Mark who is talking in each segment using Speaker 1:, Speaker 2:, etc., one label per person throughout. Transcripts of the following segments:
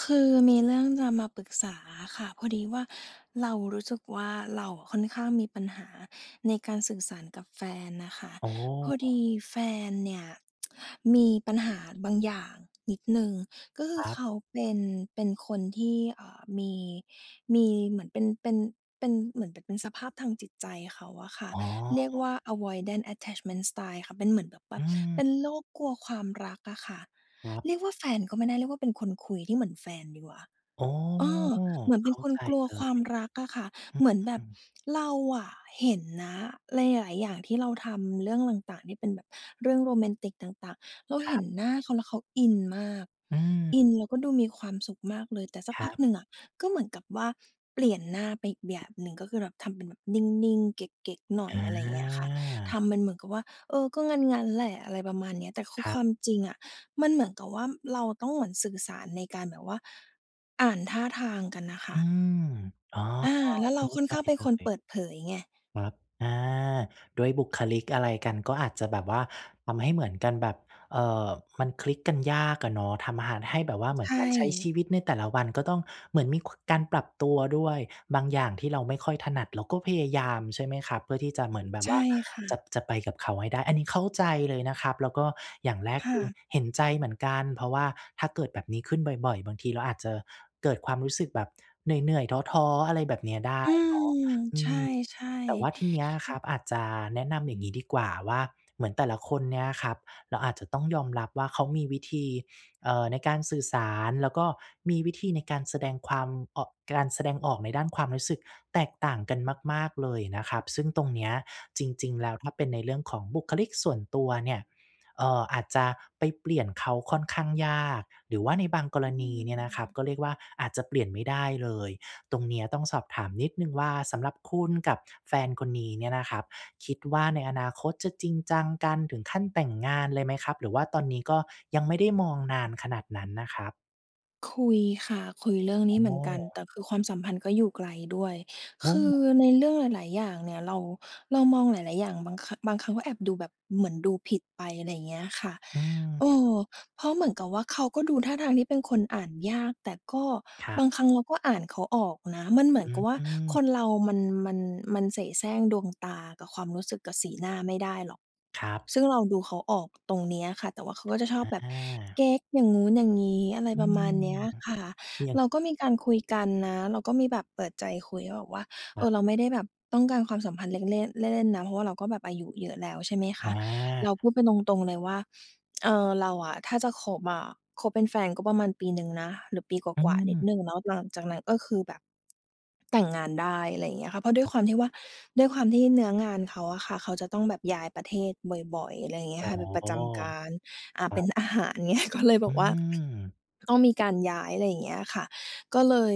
Speaker 1: คือมีเรื่องจะมาปรึกษาอะค่ะ พอดีว่าเรารู้สึกว่า เราอะค่อนข้างมีปัญหาในการสื่อสารกับแฟนนะคะ
Speaker 2: อ๋
Speaker 1: พอด
Speaker 2: อ
Speaker 1: ีแฟนเนี่ย มีปัญหาบางอย่างนิดหนึ่ง ก็คื
Speaker 2: ค
Speaker 1: อ
Speaker 2: รับ
Speaker 1: เขาเป็น เป็นคนที่ อ่า มี มีเหมือนเป็น เป็น เป็น เหมือนแบบเป็นสภาพทางจิตใจเขาอะค่ะ
Speaker 2: อ๋
Speaker 1: เรียกว่า
Speaker 2: อ
Speaker 1: avoidant attachment style ค่ะ เป็นเหมือนแบบว
Speaker 2: อ
Speaker 1: ่
Speaker 2: ื
Speaker 1: า เป
Speaker 2: ม
Speaker 1: ็นโรคกลัวความรักอะค่ะ
Speaker 2: ครับ
Speaker 1: เรียกว่าแฟนก็ไม่ได้ เรียกว่าเป็นคนคุยที่เหมือนแฟนดีกว่า
Speaker 2: อ๋อ
Speaker 1: เออ เหมือนเ
Speaker 2: เ
Speaker 1: ป
Speaker 2: ข
Speaker 1: ็น
Speaker 2: ้า
Speaker 1: คน
Speaker 2: ใจ
Speaker 1: กลัว
Speaker 2: เล
Speaker 1: ความ
Speaker 2: ย
Speaker 1: รักอะค่ะ
Speaker 2: อื
Speaker 1: เหมือนแบบ
Speaker 2: ม
Speaker 1: เราอะเห็นนะหลาย ๆ อย่างที่เราทำ เรื่องต่าง ๆ ที่เป็นแบบเรื่องโรแมนติกต่าง ๆ เรา
Speaker 2: ค
Speaker 1: เ
Speaker 2: ร
Speaker 1: ห
Speaker 2: ั
Speaker 1: ็น
Speaker 2: บ
Speaker 1: หน้าเขาแล้วเขาอินมาก
Speaker 2: อืม
Speaker 1: อินแล้วก็ดูมีความสุขมากเลย แต่สัก
Speaker 2: คร
Speaker 1: พ
Speaker 2: ั
Speaker 1: ัก
Speaker 2: บ
Speaker 1: หนึ่งอะ ก็เหมือนกับว่าเปลี่ยนหน้าไปอีกแบบหนึ่ง ก็คือแบบทำเป็นแบบนิ่ง ๆ เก๊ก ๆ หน่อ
Speaker 2: อ
Speaker 1: ย อะไรอย่างเงี้ยค่ะ ท
Speaker 2: า
Speaker 1: ำเป็นเหมือนกับว่า เออ ก็งั้น ๆ แหละ อะไรประมาณเนี้ย แต่คือ
Speaker 2: คร
Speaker 1: ค
Speaker 2: ั
Speaker 1: ว
Speaker 2: บ
Speaker 1: ามจริงอะ มันเหมือนกับว่าเราต้องเหมือนสื่อสารในการแบบว่าอ่านท่าทางกันน่ะค
Speaker 2: อ
Speaker 1: ่
Speaker 2: ื
Speaker 1: ะ
Speaker 2: ม อ๋อ
Speaker 1: อ่า แล้ว
Speaker 2: เ
Speaker 1: เ
Speaker 2: ข
Speaker 1: ร
Speaker 2: ้
Speaker 1: า
Speaker 2: า
Speaker 1: ค่อน
Speaker 2: ใจ
Speaker 1: ข้างเป็น
Speaker 2: เล
Speaker 1: คน
Speaker 2: ย
Speaker 1: เปิดเผยไง
Speaker 2: ครับ อา ด้วยบุคลิกอะไรกัน ก็อาจจะแบบว่าทำให้เหมือนกันแบบ เอ่อ มันคลิกกันยากอะเนาะ ทำหะ ให้แบบว่าเหมื
Speaker 1: ใช
Speaker 2: อนการใช้ช
Speaker 1: ่
Speaker 2: ีวิตในแต่ละวันก็ต้อง เหมือนมี กว การปรับตัวด้วย บางอย่างที่เราไม่ค่อยถนัด เราก็พยายาม ใช่ไหมครับ เพื่อที่จะเหมือนแบบ
Speaker 1: ใช
Speaker 2: ว่า
Speaker 1: ่ค่
Speaker 2: จะ
Speaker 1: ะ
Speaker 2: จะไปกับเขาให้ได้ อันนี้เข้าใจเลยนะครับ แล้วก็อย่างแรก
Speaker 1: ค
Speaker 2: ค
Speaker 1: ่
Speaker 2: ือ
Speaker 1: ะ
Speaker 2: เห็นใจเหมือนกัน เพราะว่าถ้าเกิดแบบนี้ขึ้นบ่อย ๆ บางทีเราอาจจะเกิดความรู้สึกแบบเหนื่อย ๆ ท้อ ๆ อะไรแบบเนี้ยได้
Speaker 1: อื
Speaker 2: เน
Speaker 1: ม
Speaker 2: าะ อื
Speaker 1: ใช
Speaker 2: ม
Speaker 1: ่
Speaker 2: แต่ว่าที
Speaker 1: ๆ
Speaker 2: เนี้ยค
Speaker 1: อื
Speaker 2: รั
Speaker 1: ม
Speaker 2: บ อาจจะแนะนำอย่างงี้ดีกว่าว่า เหมือนแต่ละคนเนี่ยครับ เราอาจจะต้องยอมรับว่าเขามีวิธี เอ่อ ในการสื่อสาร แล้วก็มีวิธีในการแสดงความ อ การแสดงออกในด้านความรู้สึกแตกต่างกันมาก ๆ เลยนะครับ ซึ่งตรงเนี้ยจริง ๆ แล้ว ถ้าเป็นในเรื่องของบุคลิกส่วนตัวเนี่ย เอ่อ อาจจะไปเปลี่ยนเขาค่อนข้างยาก หรือว่าในบางกร
Speaker 1: อื
Speaker 2: ณีเนี่ยนะครับ
Speaker 1: ม
Speaker 2: ก็เรียกว่า อาจจะเปลี่ยนไม่ได้เลย ตรงเนี้ยต้องสอบถามนิดหนึ่งว่า สำหรับคุณกับแฟนคนนี้เนี่ยนะครับ คิดว่าในอนาคตจะจริงจังกันถึงขั้นแต่งงานเลยไหมครับ? หรือว่าตอนนี้ก็ยังไม่ได้มองนานขนาดนั้นนะครับ?
Speaker 1: คุยค่ะ คุยเรื่องน
Speaker 2: อ
Speaker 1: ี้เหมื
Speaker 2: ๋
Speaker 1: อนกัน
Speaker 2: อ
Speaker 1: แต่คือความสัมพันธ์ก็อยู่ไกลด้วย
Speaker 2: โอ
Speaker 1: ค
Speaker 2: ้
Speaker 1: ือ
Speaker 2: โฮ
Speaker 1: ในเรื่องหลาย ๆ อย่างเนี่ยเรา เรามองหลาย ๆ อย่าง บาง ค บางครั้ง ก็แอบดูแบบเหมือนดูผิดไป อะไรอย่างเงี้ยค่ะ
Speaker 2: อืม
Speaker 1: เอ่อ เพราะเหมือนกับว่า เอ่อ เขาก็ดูท่าทางที่เป็นคนอ่านยาก แต่ก็
Speaker 2: ครั
Speaker 1: บ
Speaker 2: บ
Speaker 1: างครั้งเราก็อ่านเขาออกนะ มันเหมื
Speaker 2: อ
Speaker 1: อน
Speaker 2: ื
Speaker 1: กั
Speaker 2: อ
Speaker 1: บว่า
Speaker 2: อื
Speaker 1: ค
Speaker 2: ม
Speaker 1: นเรามัน มัน มันเสแสร้งดวงตา กับความรู้สึก กับสีหน้าไม่ได้หรอก
Speaker 2: ครับ
Speaker 1: ซึ่งเราดูเขาออกตรงนี้อะค่ะ แต่ว่าเขาก็จะชอ
Speaker 2: อ
Speaker 1: บ
Speaker 2: ะ
Speaker 1: แบ
Speaker 2: อ
Speaker 1: บ
Speaker 2: า
Speaker 1: เก๊กอย่างนู้นอย่างงี้ อะไร
Speaker 2: อื
Speaker 1: ประมา
Speaker 2: ม
Speaker 1: ณเนี้ยค่ะ
Speaker 2: อย่าง
Speaker 1: เราก็มีการคุยกันนะ เราก็มีแบบเปิดใจคุย ก็แบบว่า เ
Speaker 2: อ
Speaker 1: อ
Speaker 2: ะ
Speaker 1: อ เราไม่ได้แบบต้องการความสัมพันธ์เล็ก เล่น เล่น ๆ นะ เพราะว่าเราก็แบบอายุเยอะแล้ว ใช่ไหมค
Speaker 2: อ
Speaker 1: ะ เราพ
Speaker 2: า
Speaker 1: ูดกันตรง ๆ เลยว่า เอ่อ เราอะ ถ้าจะคบอะ คบเป็นแฟนก็ประมาณปีหนึ่งนะ หรือปีก
Speaker 2: อื
Speaker 1: ว่า ๆ นิด
Speaker 2: ม
Speaker 1: หนึ่งเนาะ แล้วหลังจากนั้นก็คือ แบบแต่งงานได้ อะไรอย่างเงี้ยค่ะ เพราะด้
Speaker 2: ค
Speaker 1: ว
Speaker 2: ร
Speaker 1: ย
Speaker 2: ับ
Speaker 1: ความที่ว่า ด้วยความที่เนื้องานเขาอะค่ะ เขาจะต้องแบบย้ายประเทศบ่อย ๆ อะไรอย่างเงี้
Speaker 2: อ๋
Speaker 1: ย
Speaker 2: อ
Speaker 1: ค่ะ เป็นประจำการ อ่า
Speaker 2: คร
Speaker 1: เ
Speaker 2: ั
Speaker 1: ป็น
Speaker 2: บ
Speaker 1: อาหาร เงี้ย ก็เลยแ
Speaker 2: อื
Speaker 1: บบว่า
Speaker 2: ม
Speaker 1: ต้องมีการย้าย อะไรอย่างเงี้ยค่ะ ก็เลย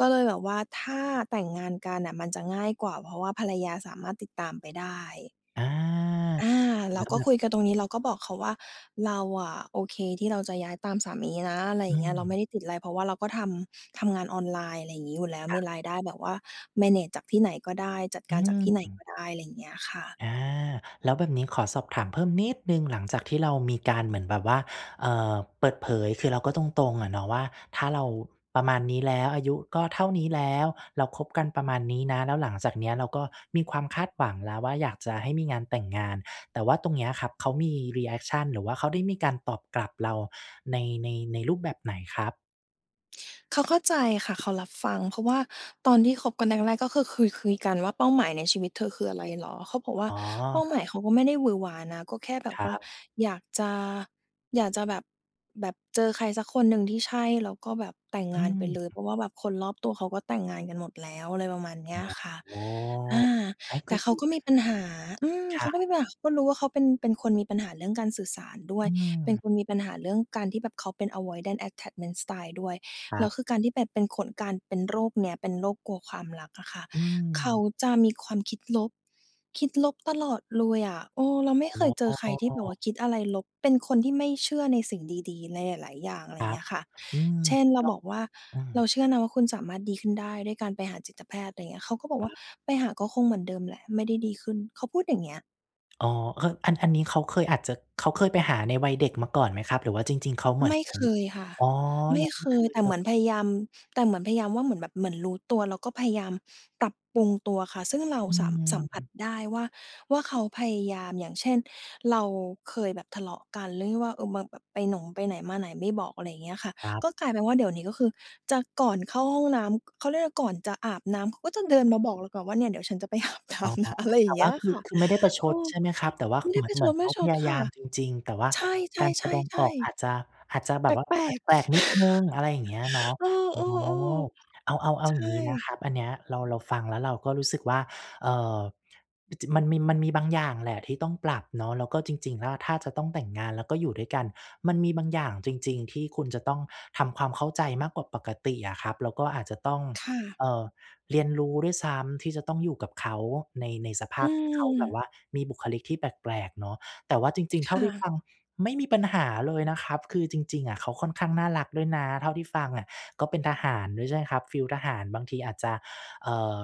Speaker 1: ก็เลยแบบว่า ถ้าแต่งงานกันน่ะมันจะง่ายกว่า เพราะว่าภรรยาสามารถติดตามไปได้
Speaker 2: อา
Speaker 1: อา
Speaker 2: เ
Speaker 1: เร
Speaker 2: หร
Speaker 1: า
Speaker 2: อครับ แล้ว
Speaker 1: ก็
Speaker 2: แบ
Speaker 1: ค
Speaker 2: บ
Speaker 1: ุยกันตรงนี้ เราก็บอกเขาว่า เราอะโอเคที่เราจะย้ายตามสามีนะ อะไร
Speaker 2: อ
Speaker 1: อย
Speaker 2: ื
Speaker 1: ่างเงี้ย เราไม
Speaker 2: ม
Speaker 1: ่ได้ติดอะไร เพราะว่าเราก็ทำ ทำงานออนไลน์ อะไรอย่างงี้อยู่แล้ว
Speaker 2: ค
Speaker 1: ม
Speaker 2: ร
Speaker 1: ี
Speaker 2: ับ
Speaker 1: รายได้แบบว่า แมเนจ จากที่ไหนก็ได้ จัด
Speaker 2: อ
Speaker 1: การจากท
Speaker 2: ื
Speaker 1: ี่ไหน
Speaker 2: ม
Speaker 1: ก็ได้ อะไรอย่างเงี้ยค่ะ
Speaker 2: อา แล้วแบบนี้ขอสอบถามเพิ่มนิดหนึ่ง หลังจากที่เรามีการเหมือนแบบว่า เอ่อ เปิดเผย คือเราก็ตรง ๆ อะเนาะว่า ถ้าเราประมาณนี้แล้ว อายุก็เท่านี้แล้ว เราคบกันประมาณนี้นะ แล้วหลังจากเนี้ยเราก็มีความคาดหวังแล้วว่า อยากจะให้มีงานแต่งงาน แต่ว่าตรงเนี้ยครับเขามี รีแอกชัน หรือว่าเขาได้มีการตอบกลับเราใน ใน ในรูปแบบไหนครับ?
Speaker 1: เขาเข้าใจค่ะ เขารับฟัง เพราะว่าตอนที่คบกันแรก ๆ ก็คือเคยคุยกันว่าเป้าหมายในชีวิตเธอ คืออะไรเหรอ? เขาบอกว่
Speaker 2: อ
Speaker 1: า
Speaker 2: ๋
Speaker 1: เป้าหม
Speaker 2: อ
Speaker 1: ายเขาก็ไม่ได้หวือหวานะ ก็แค่แบ
Speaker 2: ค
Speaker 1: บ
Speaker 2: ร
Speaker 1: ว่า
Speaker 2: ับ
Speaker 1: อยากจะ อยากจะแบบ แบบเจอใครสักคนหนึ่งที่ใช่ แล้วก็แบบแต่ง
Speaker 2: อ
Speaker 1: งานไปเ
Speaker 2: ืม
Speaker 1: ลย เพราะว่าแบบคนรอบตัวเขาก็แต่งงานกันหมดแล้ว อะไรประมาณเน
Speaker 2: อ
Speaker 1: ี้ยค่ะ
Speaker 2: ๋อ
Speaker 1: อา
Speaker 2: เอ๊ย ก
Speaker 1: แต
Speaker 2: ็
Speaker 1: ่เ
Speaker 2: ด
Speaker 1: ข
Speaker 2: ี
Speaker 1: าก็
Speaker 2: น
Speaker 1: ม
Speaker 2: ะ
Speaker 1: ีปัญหา อืม
Speaker 2: ใช
Speaker 1: เขาก็
Speaker 2: ่
Speaker 1: มีปัญหา เขาก็รู้ว่าเขาเป็น เป็นคนมีปัญหาเรื่องการสื่อสารด้ว
Speaker 2: อื
Speaker 1: ย เป็น
Speaker 2: ม
Speaker 1: คนมีปัญหาเรื่องการที่แบบเขาเป็น avoidant attachment style ด้วย
Speaker 2: คร
Speaker 1: แล
Speaker 2: ั
Speaker 1: ้
Speaker 2: บ
Speaker 1: วคือการที่เป็น เป็นคน การเป็นโรคเนี้ยเป็นโรคกลัวความรักอะค่ะ
Speaker 2: อื
Speaker 1: เขา
Speaker 2: ม
Speaker 1: จะมีความคิดลบ คิดลบตลอดเลยอะ เออ เราไม
Speaker 2: อ
Speaker 1: ่เค
Speaker 2: ๋
Speaker 1: ยเจอใครที่แบบว่
Speaker 2: อ
Speaker 1: าคิดอะไรลบ เป็นคนที่ไม่เชื่อในสิ่งดี ๆ ในหลาย ๆ อย่าง อะไ
Speaker 2: ค
Speaker 1: รอย
Speaker 2: ร
Speaker 1: ่า
Speaker 2: ั
Speaker 1: งเง
Speaker 2: บ
Speaker 1: ี้ยค่ะ
Speaker 2: อืม
Speaker 1: เช่น เราบอกว่า
Speaker 2: แล้ว อื
Speaker 1: เรา
Speaker 2: ม
Speaker 1: เชื่อนะว่าคุณสามารถดีขึ้นได้ด้วยการไปหาจิตแพทย์ อะไรอย่างเงี้ย เขาก็บอก
Speaker 2: ค
Speaker 1: ว่
Speaker 2: ร
Speaker 1: า
Speaker 2: ับ
Speaker 1: "ไปหาก็คงเหมือนเดิมแหละไม่ได้ดีขึ้น" เขาพูดอย่างเงี้ย
Speaker 2: อ๋อ เออ อัน อันนี้เขาเคยอาจจะ เขาเคยไปหาในวัยเด็กมาก่อนไหมครับ? หรือว่าจริง ๆ เขาเหมื
Speaker 1: ไ
Speaker 2: อ
Speaker 1: ม
Speaker 2: น
Speaker 1: ่
Speaker 2: เหมือ
Speaker 1: เค
Speaker 2: น
Speaker 1: ยค่ะ
Speaker 2: อ๋อ
Speaker 1: ไม
Speaker 2: ย
Speaker 1: ่
Speaker 2: ังไม
Speaker 1: เค
Speaker 2: ่เค
Speaker 1: ย
Speaker 2: ย
Speaker 1: แต่
Speaker 2: เล
Speaker 1: เหม
Speaker 2: ย
Speaker 1: ือนพยายาม แต่เหมือนพยายามว่า เหมือนแบบ เหมือนรู้ตัว แล้วก็พยายาม ปรับปรุงตัวค่ะ ซึ่งเรา
Speaker 2: อื
Speaker 1: สัม สัมผัส
Speaker 2: ม
Speaker 1: ได้ว่า ว่า เขาพยายาม อย่างเช่น เราเคยแบบทะเลาะกันเรื่องที่ว่า เอ่อ แบบไปหนม ไปไหนมาไหนไม่บอก อะไรอย่างเงี้ยค่ะ
Speaker 2: ครั
Speaker 1: ก
Speaker 2: บ
Speaker 1: ็กลายเป็นว่า เดี๋ยวนี้ก็คือจะก่อนเข้าห้องน้ำ เขาเรียกว่าอะไร ก่อนจะอาบน้ำเขาก็จะเดินมาบอกเราก่อนว่า เนี่ยเดี๋ยวฉันจะไป อาบน้
Speaker 2: อ๋อ
Speaker 1: ำนะ อะไรอ
Speaker 2: แ
Speaker 1: ย่
Speaker 2: ต่
Speaker 1: างเง
Speaker 2: ว
Speaker 1: ี
Speaker 2: ่
Speaker 1: ้
Speaker 2: า
Speaker 1: ย
Speaker 2: คื
Speaker 1: ค
Speaker 2: อ
Speaker 1: ่ะ
Speaker 2: คือไม่ได้ประช
Speaker 1: เอ
Speaker 2: ด
Speaker 1: อ
Speaker 2: ใช่ไหมครับ? แต่ว่า
Speaker 1: ไม
Speaker 2: ค
Speaker 1: ่
Speaker 2: ื
Speaker 1: ไ
Speaker 2: อ
Speaker 1: ด
Speaker 2: เ
Speaker 1: ้
Speaker 2: หมื
Speaker 1: ป
Speaker 2: อ
Speaker 1: ร
Speaker 2: น
Speaker 1: ะ
Speaker 2: เห
Speaker 1: ช
Speaker 2: มือน
Speaker 1: ด
Speaker 2: เ
Speaker 1: ไม
Speaker 2: ข
Speaker 1: ่
Speaker 2: า
Speaker 1: ช
Speaker 2: พ
Speaker 1: ด
Speaker 2: ยา
Speaker 1: ค
Speaker 2: ย
Speaker 1: ่
Speaker 2: า
Speaker 1: ะ
Speaker 2: มจริง ๆ แต่ว่า
Speaker 1: ใช
Speaker 2: การแสดงอ
Speaker 1: ่
Speaker 2: อก
Speaker 1: ๆ
Speaker 2: อ
Speaker 1: ๆ ๆ
Speaker 2: าจจะ อาจจะแบ
Speaker 1: แ
Speaker 2: บว่า
Speaker 1: ปลก
Speaker 2: แปลก
Speaker 1: ๆ
Speaker 2: ๆ นิดหนึ่ง อะไรอย่างเงี้ยเนาะ
Speaker 1: เอ
Speaker 2: อ๋อ
Speaker 1: อ ๆ
Speaker 2: เอา เอา เอา
Speaker 1: ๆ ใช
Speaker 2: อย่างงี้นะค
Speaker 1: ่
Speaker 2: รับ อันเนี้ยเรา เราฟังแล้วเราก็รู้สึกว่า เอ่อ มัน จ มันมี มันมีบางอย่างแหละที่ต้องปรับเนาะ แล้วก็จริง ๆ แล้ว ถ้าจะต้องแต่งงานแล้วก็อยู่ด้วยกัน มันมีบางอย่างจริง ๆ ที่คุณจะต้องทำความเข้าใจมากกว่าปกติอะครับ แล้วก็อาจจะต้อง
Speaker 1: ค่ะ
Speaker 2: เอ่อ เรียนรู้ด้วยซ้ำที่จะต้องอยู่กับเขาใน ในสภ
Speaker 1: อ
Speaker 2: า
Speaker 1: ื
Speaker 2: พที่เขาแบบว
Speaker 1: ม
Speaker 2: ่ามีบุคลิกที่แปลก ๆ เนาะ แต่ว่าจริง ๆ เ
Speaker 1: ค
Speaker 2: ท่า
Speaker 1: ่
Speaker 2: ที่ฟ
Speaker 1: ะ
Speaker 2: ังไม่มีปัญหาเลยนะครับ คือจริง ๆ อะเขาค่อนข้างน่ารักด้วยนะเท่าที่ฟังอะ ก็เป็นทหารด้วยใช่ไหมครับ ฟีลทหารบางทีอาจจะ เอ่อ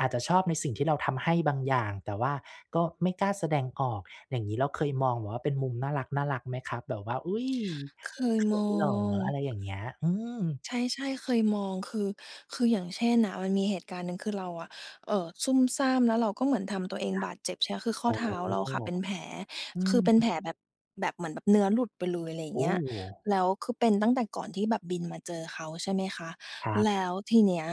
Speaker 2: อาจจะชอบในสิ่งที่เราทำให้บางอย่าง แต่ว่าก็ไม่กล้าแสดงออกอย่างงี้ เราเคยมองแบบว่าเป็นมุมน่ารัก ๆ ไหมครับแบบว่า อุ๊ย!
Speaker 1: เคย
Speaker 2: เข
Speaker 1: ม
Speaker 2: ิ
Speaker 1: อ
Speaker 2: นเหรอ? อะ
Speaker 1: ง
Speaker 2: ไรอย่างเงี้ย อืม
Speaker 1: ใช่ ๆ เคยมอง คือ คืออย่างเช่นน่ะ มันมีเหตุการณ์หนึ่ง คือเราอะ เอ่อ ซุ่มซ่าม แล้วเราก็เหมือนทำตัวเอง
Speaker 2: ครั
Speaker 1: บ
Speaker 2: บ
Speaker 1: าดเจ็บใช่อะ คือข้
Speaker 2: อ
Speaker 1: อ
Speaker 2: ๋อ
Speaker 1: เท้าเราค่ะเป็นแผล
Speaker 2: อื
Speaker 1: คื
Speaker 2: ม
Speaker 1: อเป็นแผลแบบ แบบเหมือนแบบเนื้อหลุดไปเลย อะไรอย่
Speaker 2: โ
Speaker 1: า
Speaker 2: อ
Speaker 1: งเง
Speaker 2: ้!
Speaker 1: ี้ย แล้วคือเป็นตั้งแต่ก่อนที่แบบบินมาเจอเขาใช่ไหมคะ
Speaker 2: ครับ
Speaker 1: แล้วทีเนี้ย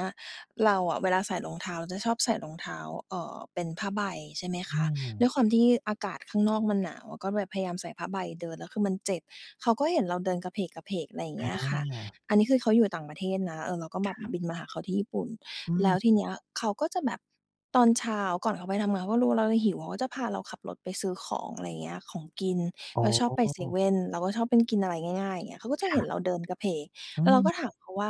Speaker 1: เราอะเวลาใส่รองเท้าจะชอบใส่รองเท้า เอ่อ เป็นผ้าใบใช่ไหม
Speaker 2: อื
Speaker 1: คะ ด้ว
Speaker 2: ม
Speaker 1: ยความที่อากาศข้างนอกมันหนาว ก็แบบพยายามใส่ผ้าใบเดิน แล้วคือมันเจ็บ เขาก็เห็นเราเดินกะเผลก ๆ อะไรอย่างเง
Speaker 2: อ
Speaker 1: ี้ยค่ะ
Speaker 2: า
Speaker 1: อันนี้คือเขาอยู่ต่างประเทศนะ เอ่อ เราก็แบ
Speaker 2: ค
Speaker 1: บ
Speaker 2: รับ
Speaker 1: บินมาหาเขาที่ญี่ปุ่น
Speaker 2: อื
Speaker 1: แล้ว
Speaker 2: ม
Speaker 1: ทีเนี้ย เขาก็จะแบบ ตอนเช้าก่อนเขาไปทำงาน เขาก็รู้ว่า เรา เราหิว เขาก็จะพาเราขับรถไปซื้อของ อะไรอย่างเงี้ย ของกิน
Speaker 2: อ๋
Speaker 1: ก
Speaker 2: อ
Speaker 1: ็ชอบไปเซเว่น เราก็ชอบเป็นกินอะไรง่าย ๆ อย่างเงี้ย เขาก็จะ
Speaker 2: ค
Speaker 1: เห
Speaker 2: ร
Speaker 1: ็น
Speaker 2: ับ
Speaker 1: เราเดินกะเผลก
Speaker 2: อื
Speaker 1: แล้วเราก
Speaker 2: ม
Speaker 1: ็ถามเขาว่า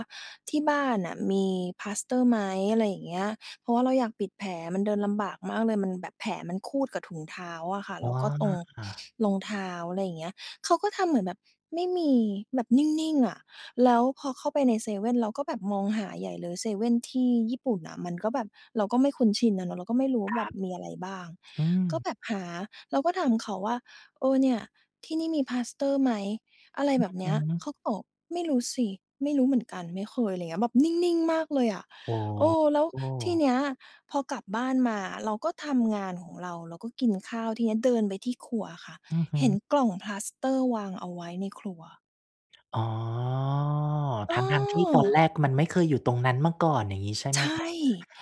Speaker 1: ที่บ้านน่ะมีปลาสเตอร์ไหม? อะไรอย่างเงี้ย เพราะว่าเราอยากปิดแผลมันเดินลำบากมากเลย มันแบบแผลมันครูดกับถุงเท้าอะค่ะ
Speaker 2: อ๋
Speaker 1: แล้วก็ตรง
Speaker 2: อ
Speaker 1: รองเท้า อะไรอย่างเงี้ย เขาก็ทำเหมือนแบบไม่มีแบบนิ่ง ๆ อะ แล้วพอเข้าไปในเซเว่น เราก็แบบมองหาใหญ่เลยเซเว่นที่ญี่ปุ่นน่ะ มันก็แบบเราก็ไม่คุ้นชินน่ะเนาะ เราก็ไม่รู้ว
Speaker 2: ค
Speaker 1: ่า
Speaker 2: ร
Speaker 1: แบ
Speaker 2: ั
Speaker 1: บ
Speaker 2: บ
Speaker 1: มีอะไรบ้าง
Speaker 2: อืม
Speaker 1: ก็แบบหาเราก็ถามเขาว่า เอ่อ เนี่ยที่นี่มีปลาสเตอร์ไหม? อะไร
Speaker 2: อื
Speaker 1: แบ
Speaker 2: อ
Speaker 1: บเน
Speaker 2: ฮ
Speaker 1: ี้ย
Speaker 2: ึ
Speaker 1: เขาตอบไม่รู้สิ ไม่รู้เหมือนกัน ไม่เคย อะไรอย่างเงี้ย แบบนิ่ง ๆ มากเลยอะ
Speaker 2: อ๋
Speaker 1: เออ แล้วที
Speaker 2: อ
Speaker 1: เนี้ยพอกลับบ้านมาเราก็ทำงานของเรา เราก็กินข้าวทีเนี้ยเดินไปที่ครัวอะค่ะ
Speaker 2: อือฮ
Speaker 1: เห็น
Speaker 2: ึ
Speaker 1: กล่องปลาสเตอร์ร์วางเอาไว้ในครัว
Speaker 2: อ๋อ ทั้ง ๆ ที่ตอน
Speaker 1: เออ
Speaker 2: แรกมันไม่เคยอยู่ตรงนั้นมาก่อน อย่างงี้ใช่ไห
Speaker 1: ใ
Speaker 2: ม
Speaker 1: ช
Speaker 2: คะ?
Speaker 1: ่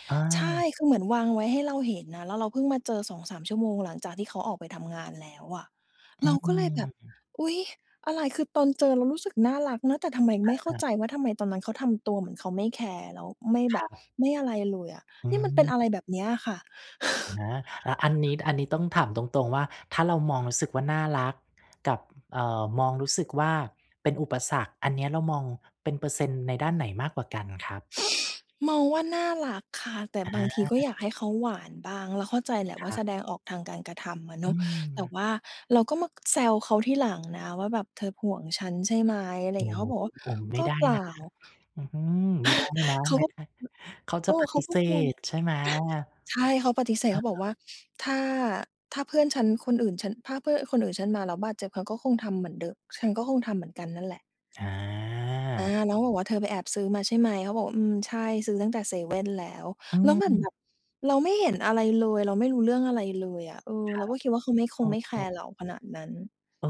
Speaker 2: อา
Speaker 1: ใช่ คือเหมือนวางไว้ให้เราเห็นนะ แล้วเราเพิ่งมาเจอ 2-3 ชั่วโมงหลังจากที่เขาออกไปทำงานแล้วอะ
Speaker 2: อ
Speaker 1: เ
Speaker 2: ื
Speaker 1: ราก็เลยแบบ
Speaker 2: ม
Speaker 1: อุ๊ย อะไร คือตอนเจอเรารู้สึกน่ารักนะ แต่ทำไมไม่เข้า
Speaker 2: อา
Speaker 1: ใจว่า ทำไมตอนนั้นเขาทำตัวเหมือนเขาไม่แคร์ แล้วไม่แบ
Speaker 2: คร
Speaker 1: บ
Speaker 2: ับ
Speaker 1: ไม่อะไรเลยอะ
Speaker 2: อื
Speaker 1: นี่มันเป็นอะไร
Speaker 2: ม
Speaker 1: แบบนี้อะค่ะ
Speaker 2: อะฮะ แล้วอันนี้ อันนี้ต้องถามตรง ๆ ว่า ถ้าเรามองรู้สึกว่าน่ารักกับ เอ่อ มองรู้สึกว่าเป็นอุปสรรค อันเนี้ยเรามองเป็นเปอร์เซ็นต์ในด้านไหนมากกว่ากันอะครับ?
Speaker 1: มองว่าน่ารักค่ะ แต่บาง
Speaker 2: อ
Speaker 1: ทีก็
Speaker 2: า
Speaker 1: อยากให้เขาหวานบ้าง เราเข้าใจแหละว
Speaker 2: ค
Speaker 1: ่า
Speaker 2: รั
Speaker 1: แ
Speaker 2: บ
Speaker 1: สดงออกทางการกระทำอะเ
Speaker 2: อ
Speaker 1: น
Speaker 2: ื
Speaker 1: าะ แต่
Speaker 2: ม
Speaker 1: ว่าเราก็มาแซวเขาทีหลังนะว่าแบบ "เธอห่วงฉันใช่ไหม?" อะไรอ
Speaker 2: โอ
Speaker 1: ย่า
Speaker 2: ้
Speaker 1: งเงี้ย
Speaker 2: โฮ
Speaker 1: เขาก็บอกว่า
Speaker 2: โอ้ ไม
Speaker 1: "ก
Speaker 2: ่
Speaker 1: ็
Speaker 2: ได้
Speaker 1: เปล่
Speaker 2: น
Speaker 1: า"
Speaker 2: ะ อืม ไม่ได้นะ
Speaker 1: เขา
Speaker 2: ไม่
Speaker 1: ก็ อ
Speaker 2: ได้ เขาจ
Speaker 1: เอ
Speaker 2: ะป
Speaker 1: อ เข
Speaker 2: ฏ
Speaker 1: า
Speaker 2: ิ
Speaker 1: ก
Speaker 2: เ
Speaker 1: ็
Speaker 2: ส
Speaker 1: คง
Speaker 2: ธใช่ไหม? อา
Speaker 1: ใช่ เขาปฏิเสธ เขาบอกว่า "ถ้า ถ้าเพื่อนฉันคนอื่น ฉัน ถ้าเพื่อนคนอื่นฉันมาแล้วบาดเจ็บ เขาก็คงทำเหมือนเดิม ฉันก็คงทำเหมือนกันนั่นแหละ" อา
Speaker 2: อา
Speaker 1: เราก็บอกว่า "เธอไปแอบซื้อมาใช่ไหม?" เขาบอกว่า "อืม ใช่ ซื้อตั้งแต่เซเว่นแล้ว"
Speaker 2: อื
Speaker 1: แล้วเหมือนแบ
Speaker 2: ม
Speaker 1: บเราไม่เห็นอะไรเลย เราไม่รู้เรื่องอะไรเลยอะ เออ
Speaker 2: คร
Speaker 1: เร
Speaker 2: ั
Speaker 1: า
Speaker 2: บ
Speaker 1: ก็คิดว่า เขาไม่ ค
Speaker 2: เอ
Speaker 1: งไม่แค
Speaker 2: อ
Speaker 1: ร์เราขนาดนั้น
Speaker 2: เออ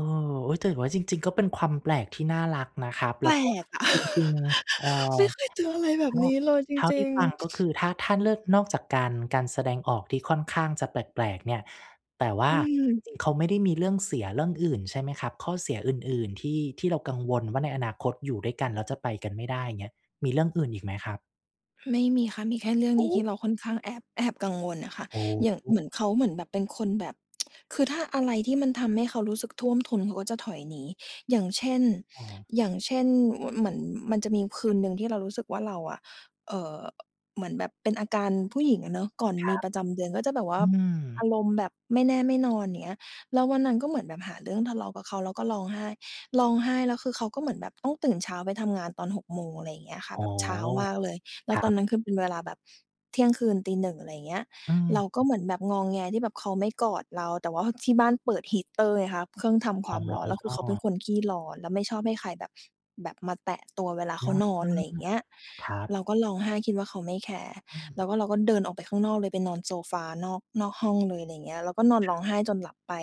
Speaker 2: อุ๊ย แต่ว่าจริง ๆ ก็เป็นความแปลกที่น่ารักนะครับ
Speaker 1: แ
Speaker 2: แ
Speaker 1: ป
Speaker 2: ล้
Speaker 1: ล
Speaker 2: วก็
Speaker 1: กอะ
Speaker 2: จริง ๆ เอ่
Speaker 1: ไ
Speaker 2: อ
Speaker 1: ม่เคยเจออะไรแบ
Speaker 2: เท
Speaker 1: บ
Speaker 2: ่า
Speaker 1: นี้เลยจ
Speaker 2: เท่า
Speaker 1: ร
Speaker 2: ท
Speaker 1: ิ
Speaker 2: ี่
Speaker 1: ง
Speaker 2: ฟั
Speaker 1: ๆ
Speaker 2: ง ก็คือ ถ้า ถ้าเลือก นอกจากการ การแสดงออกที่ค่อนข้างจะแปลก ๆ เนี่ย แต่ว่
Speaker 1: อ
Speaker 2: า
Speaker 1: ื
Speaker 2: จ
Speaker 1: ม
Speaker 2: ริง ๆ เขาไม่ได้มีเรื่องเสียเรื่องอื่นใช่ไหมครับ? ข้อเสียอื่น ๆ ที่ ที่เรากังวลว่า ในอนาคตอยู่ด้วยกันแล้วจะไปกันไม่ได้ อย่างเงี้ย มีเรื่องอื่นอีกไหมครับ?
Speaker 1: ไม่มีค่ะ มีแค่เรื่อง
Speaker 2: โอ
Speaker 1: นี้ที
Speaker 2: ้
Speaker 1: ่เราค่อนข้างแอบ แอบกังวลน่ะค่ะ
Speaker 2: โอ้
Speaker 1: อย่าง
Speaker 2: โ
Speaker 1: เห
Speaker 2: ฮ
Speaker 1: มือนเขา เหมือนแบบ เป็นคนแบบ คือถ้าอะไรที่มันทำให้เขารู้สึกท่วมทุนเขาก็จะถอยหนี อย่างเช่น
Speaker 2: อ้อ
Speaker 1: อย่างเช่น ม เหมือนมันจะมีคืนหนึ่งที่เรารู้สึกว่า เราอะ เอ่อ เหมือนแบบเป็นอาการผู้หญิงอะเนาะ ก่อน
Speaker 2: คร
Speaker 1: มี
Speaker 2: ับ
Speaker 1: ประจำเดือนก็จะแบบว่
Speaker 2: อ
Speaker 1: า
Speaker 2: ือ
Speaker 1: อารมณ์แบบไม่แน่ไม่นอน อย่างเงี้ย แล้ววันนั้นก็เหมือนแบบหาเรื่องทะเลาะกับเขา แล้วก็ร้องไห้ ร้องไห้แล้วคือ เขาก็เหมือนแบบต้องตื่นเช้าไปทำงานตอน 6 โมง อะไรอย่างเงี้ยค่ะ
Speaker 2: อ๋อ
Speaker 1: แบบเช้ามากเลย แล
Speaker 2: ค
Speaker 1: ้ว
Speaker 2: รั
Speaker 1: ตอน
Speaker 2: บ
Speaker 1: นั้นคือเป็นเวลาแบบเที่ยงคืนตี 1 อะไรเงี้ย
Speaker 2: อื
Speaker 1: เราก็
Speaker 2: ม
Speaker 1: เหมือนแบบงอแงที่แบบเขาไม่กอดเรา แต่ว่าที่บ้านเปิด heater ไงคะ เครื่องท
Speaker 2: อ
Speaker 1: ำคว
Speaker 2: ๋
Speaker 1: ามร้อน แล้วคือเขาเป็
Speaker 2: อ
Speaker 1: นคนขี้ร้อน แล้วไม่ชอบให้ใครแบบ แบบมาแตะตัวเวลาเข
Speaker 2: อ
Speaker 1: า
Speaker 2: า
Speaker 1: นอน อะไรเงี้ย
Speaker 2: ครั
Speaker 1: เ
Speaker 2: บ
Speaker 1: ราก็ร้องไห้คิดว่าเขาไม่แคร์
Speaker 2: อื
Speaker 1: แล้ว
Speaker 2: ม
Speaker 1: ก็เราก็เดินออกไปข้างนอกเลย ไปนอนโซฟา นอก นอกห้องเลย อะไรอย่างเงี้ย เราก็นอนร้องไห้จนหลับไป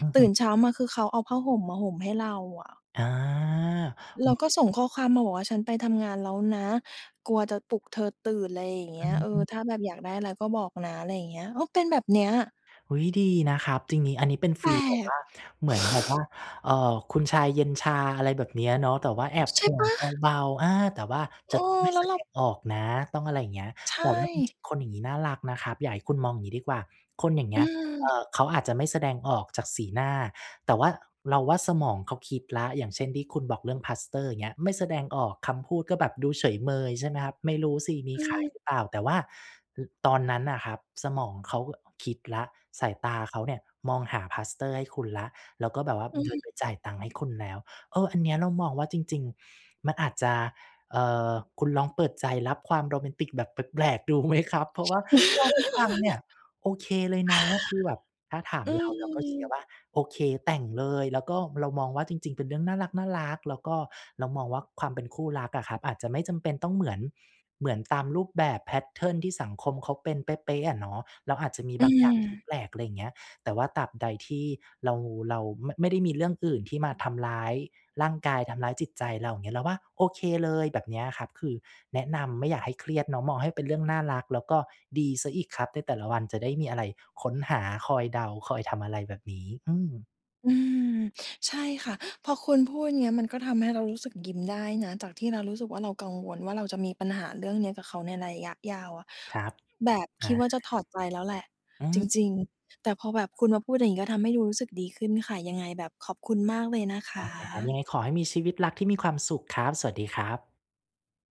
Speaker 2: อือฮ
Speaker 1: ต
Speaker 2: ึ
Speaker 1: ื่นเช้ามาคือ เขาเอาผ้าห่มมาห่มให้เราอะ
Speaker 2: อา
Speaker 1: แล้วก็ส่งข้อความมาบอกว่า ฉันไปทำงานแล้วนะ กลัวจะปลุกเธอตื่น ไรอย่างเง
Speaker 2: อ
Speaker 1: ี้ย เออ
Speaker 2: ือ ๆ
Speaker 1: ถ้าแบบอยากได้อะไรก็บอกนะ อะไรอย่างเงี้ย ก็เป็นแบบเนี้ย
Speaker 2: อุ๊ย ดีนะครับ ทีนี้ อันนี้เป็นฟ
Speaker 1: แป
Speaker 2: ี
Speaker 1: ล
Speaker 2: ลแบบว
Speaker 1: ก!
Speaker 2: ่า เหมือนแบบว่า เอ่อ คุณชายเย็นชา อะไรแบบเนี้ยเนาะ แต่ว่าแอบ
Speaker 1: ใช
Speaker 2: ห
Speaker 1: ่
Speaker 2: ่
Speaker 1: เ
Speaker 2: ว
Speaker 1: ป
Speaker 2: ง
Speaker 1: ล่า?
Speaker 2: เบา ๆ อา แต่ว่า
Speaker 1: เอ
Speaker 2: จ
Speaker 1: อ
Speaker 2: ะต้องไม่
Speaker 1: แล
Speaker 2: แ
Speaker 1: ้
Speaker 2: ส
Speaker 1: วเร
Speaker 2: ด
Speaker 1: า
Speaker 2: งออกนะ ต้องอะไรอย่างเงี้ย
Speaker 1: ใช
Speaker 2: แต่ว่าจร
Speaker 1: ่
Speaker 2: ิง ๆ คนอย่างงี้น่ารักนะครับ อยากให้คุณมองอย่างนี้ดีกว่า คนอย่างเง
Speaker 1: อ
Speaker 2: ี
Speaker 1: ื
Speaker 2: ้ย เอ่
Speaker 1: ม
Speaker 2: อ เขาอาจจะไม่แสดงออกจากสีหน้า แต่ว่า เราว่า สมองเขาคิดแล้ว อย่างเช่น ที่คุณบอกเรื่องพลาสเตอร์ อย่างเงี้ย ไม่แสดงออกคำพูดก็แบบดูเฉยเมย ใช่ไหมครับ? ไม่รู้สิมี
Speaker 1: อื
Speaker 2: ขาย
Speaker 1: ม
Speaker 2: หรือเปล่า แต่ว่า อ ตอนนั้นน่ะครับสมองเขาคิดแล้ว สายตาเขาเนี่ยมองพลาสเตอร์ให้คุณแล้ว แล้วก็แบบว่า
Speaker 1: อื
Speaker 2: เดิน
Speaker 1: ม
Speaker 2: ไปจ่ายตังค์ให้คุณแล้ว เออ อันเนี้ยเรามองว่าจริง ๆ มันอาจจะ เอ่อ คุณลองเปิดใจรับความโรแมนติกแบบแปลก ๆ ดูไหมครับ? เพราะว่าเท่าที่ฟังเนี่ยโอเคเลยนะ คือแบบถ้าถาม
Speaker 1: อื
Speaker 2: เราเราก็เชียร์
Speaker 1: ม
Speaker 2: ว่า โอเคแต่งเลย แล้วก็เรามองว่า จริง ๆ เป็นเรื่องน่ารัก ๆ แล้วก็เรามองว่า ความเป็นคู่รักอะครับ อาจจะไม่จำเป็นต้องเหมือน เหมือนตามรูปแบบ แพตเทิร์น ที่สังคมเขาเป็นเป๊ะ ๆ อะเนาะ แล้วอาจจะมี
Speaker 1: อื
Speaker 2: บางอย่างที่
Speaker 1: ม
Speaker 2: แปลก อะไรอย่างเงี้ย แต่ว่าตราบใดที่เรา เรา ม ไม่ได้มีเรื่องอื่นที่มาทำร้ายร่างกาย ทำร้ายจิตใจเรา อย่างเงี้ย เราว่าโอเคเลย แบบนี้อะครับ คือแนะนำไม่อยากให้เครียดเนาะ มองให้เป็นเรื่องน่ารัก แล้วก็ดีเสียอีกครับ ในแต่ละวันจะได้มีอะไรค้นหา คอยเดา คอยทำอะไรแบบนี้ อืม
Speaker 1: อืม ใช่ค่ะ พอคุณพูดเนี่ย มันก็ทำให้เรารู้สึกยิ้มได้นะ จากที่เรารู้สึกว่า เรากังวลว่าเราจะมีปัญหาเรื่องนี้กับเขาในระยะยาวอะ
Speaker 2: ครับ
Speaker 1: แบบ
Speaker 2: อ
Speaker 1: ค
Speaker 2: า
Speaker 1: ิดว่าจะถอดใจแล้วแหละ
Speaker 2: อื
Speaker 1: จ
Speaker 2: ม
Speaker 1: ริง ๆ แต่พอแบบคุณมาพูดอย่างเงี้ย ก็ทำให้รู้สึกดีขึ้นค่ะ ยังไงแบบขอบคุณมากเลยนะค
Speaker 2: ได้ อันนี้
Speaker 1: ะ
Speaker 2: ยังไงขอให้มีชีวิตรักที่มีความสุขครับ สวัสดีครับ